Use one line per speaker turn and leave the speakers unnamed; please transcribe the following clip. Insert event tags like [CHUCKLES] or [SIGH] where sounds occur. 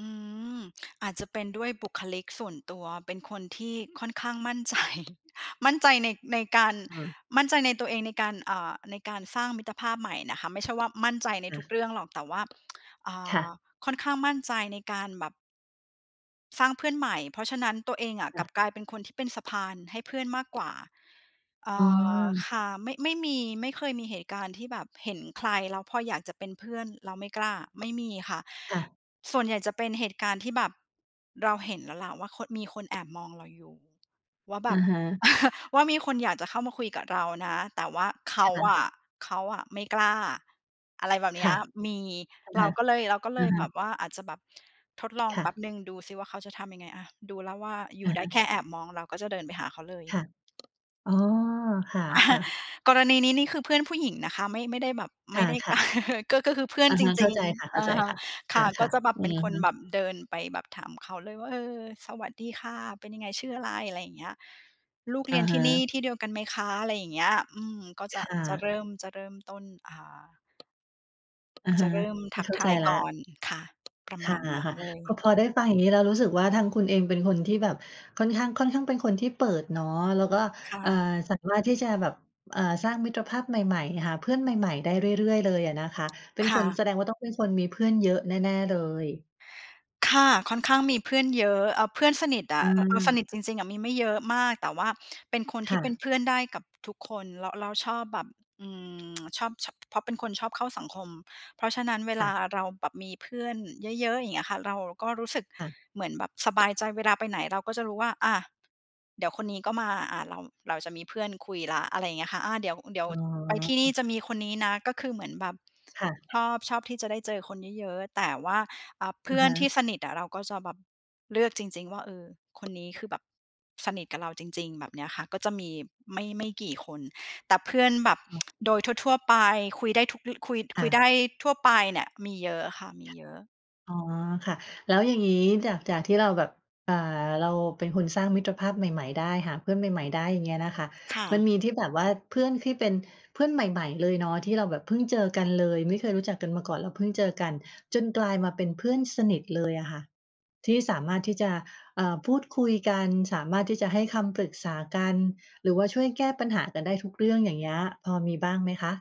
อืม อาจจะเป็นด้วยบุคลิกส่วนตัวเป็นคนที่ค่อนข้างมั่นใจ [CHUCKLES] มั่นใจใน ในการ
เออ
มั่นใจในตัวเองในการ เอ่อ ในการสร้างมิตรภาพใหม่นะคะ ไม่ใช่ว่ามั่นใจใน
ค่
ทุ
ะ
กเรื่องหรอก แต่ว่า บ [TSK] อ่
ค่
า
ะ
ค่อนข้างมั่นใจในการแบบ สร้างเพื่อนใหม่ เพราะฉะนั้นตัวเองอะ
ค
ก
่
ลั
ะ
บกลายเป็นคนที่เป็นสะพานให้เพื่อนมากกว่า เอ่
อ๋อ
อ ค่ะ ไม่ ไม่มี ไม่เคยมีเหตุการณ์ที่แบบเห็นใครแล้วพออยากจะเป็นเพื่อน เราไม่กล้า ไม่มีค่ะ
ค่ะ
ส่วนใหญ่จะเป็นเหตุการณ์ที่แบบเราเห็นแล้วแหละ ว่าคน มีคนแอบมองเราอยู่ ว่าแ
อ
บ
ะ
บ
ฮะ
[CHUCKLES] ว่ามีคนอยากจะเข้ามาคุยกับเรานะ แต่ว่าเข
ค
า
่
อ
ะ
ะ เขาอะไม่กล้า อะไรแบบเน
ค
ี้
่
ย
ะ
มี
อะ
เ
ฮ
รา
ะ
ก็เลย เราก็เล
อะ
ย
ฮ
แบ
ะ
บว่าอาจจะแบบทดลอง
ค่
แป๊บ
ะ
หนึ่ง ดูสิว่าเขาจะทำยังไง อา ดูแล้วว่าอย
อ
ู่
ะ
ได
ฮ
้แ
ะ
ค่แอบมอง เราก็จะเดินไปหาเขาเลย
ค่ะ อ๋อ ค่ะ
[CHUCKLES]
ๆ
กรณีนี้นี่คือเพื่อนผู้หญิงนะคะ ไม่ ไม่ได้แบบ ไม่ได้
ค
ก
่ะ
[CHUCKLES] ก็ ก็คือเพื่อ
ๆ
น
อะ
จ
ฮะ เข
ร
้า
ิง
ใจค่ะ
ๆ อือฮึ
ๆ
ค
ค
่ะ ก็
่ะ
จะแบ
ๆ
บ
อื
เป็น
อ
ค
ฮ
นแบ
ึ
บเดินไปแบบถามเขาเลยว่า "เออ สวัสดีค่ะ เป็นยังไง? ชื่ออะไร?" อะไรอย่างเงี้ย "ลูกเ
อ
ร
ะ
ียนท
ฮ
ี่นี่
ะ
ที่เดียวกันไหมคะ?" อะไรอย่างเงี้ย อืม ก็จ
ค
ะ
่
จะเ
ะ
ริ่ม จะเริ่มต้น อ่า
อะ
จ
ฮ
ะ
ะ
เริ่ม
ไ
ท
ม่
ัก
เข้า
ท
ใจ
าย
แล้
ก่อ
ว
น ค่ะ ประ
ค
ม
่
า
ะ
ณนั้นเล
ๆ พ
ย
อ พอได้ฟังอย่างงี้แล้ว รู้สึกว่าทางคุณเองเป็นคนที่แบบค่อนข้าง ค่อนข้างเป็นคนที่เปิดเนาะ แล้วก็
ค่
เอ่อ
ะ
สามารถที่จะแบบ อ่า สร้างมิตรภาพใหม่ ๆ หาเพื่อนใหม่ ๆ ได้เรื่อย ๆ เลยอะนะคะ เป็
ค
นค
่
น
ะ
แสดงว่าต้องเป็นคนมีเพื่อนเยอะแน่ ๆ เลย
ค่ะ ค่อนข้างมีเพื่อนเยอะ เออ เพื่อนสนิทอะ อ เราสน
อา
ิทจริง ๆ อะมีไม่เยอะมาก แต่ว่าเป็นคน
ค
ที
่
่เป็น
ะ
เพื่อนได้กับทุกคน แล้ว แล้วชอบแบบ อืม [TSK] ชอบ ช เพราะเป็นคนชอบเข้าสังคม เพราะฉะนั้นเว
ค
ล
่
า
ะ
เราแบบมีเพื่อนเยอะ ๆ อย่างเงี้ยค่ะ เราก็รู้สึก
ค่ะ
เหมือนแบบสบายใจ เวลาไปไหนเราก็จะรู้ว่า อา เดี๋ยวคนนี้ก็มา อา เรา เราจะมีเพื่อนคุยแล้ว อะไรอย่างเงี้ยค่ะ อา เดี๋ยว เดี๋ยว
อ๋อ
ไปที่นี่จะมีคนนี้นะ ก็คือเหมือนแบบ
ค่ะ
ชอบ ชอบที่จะได้เจอคนเยอะ ๆ แต่ว่า อ่า เพ
อ
ื
ะ
่อ
ฮ
นที
ะ
่สนิทอะ เราก็จะแบบเลือกจริง ๆ ว่า เออ คนนี้คือแบบสนิทกับเราจริง ๆ แบบเนี้ยค่ะ ก็จะมีไม่ ไม่กี่คน แต่เพื่อนแบบ
อ๋อ
[TSK] โดยทั่ว ๆ ไป คุยได้ทุก รุ คุย
ค
คุ
่
ย
ะ
ได้ทั่วไปเนี่ยมีเยอะค่ะ มีเยอะ
อ๋อ ค่ะ แล้วอย่างงี้จาก จากที่เราแบบ อ่า เราเป็นคนสร้างมิตรภาพใหม่ ๆ ได้ หาเพื่อนใหม่ ๆ ได้ อย่างเงี้ยน่ะค่ะ
ค่
มัน
ะ
มีที่แบบว่าเพื่อนที่เป็นเพื่อนใหม่ ๆ เลยเนาะ ที่เราแบบเพิ่งเจอกันเลย ไม่เคยรู้จักกันมาก่อน แล้วเพิ่งเจอกัน จนกลายมาเป็นเพื่อนสนิทเลยอะค่ะที่สามารถที่จะ เอ่อ พูดคุยกัน สามารถที่จะให้คำปรึกษากัน หรือว่าช่วยแก้ปัญหากันได้ทุกเรื่อง อย่างเงี้ย พอมีบ้างไหมคะ?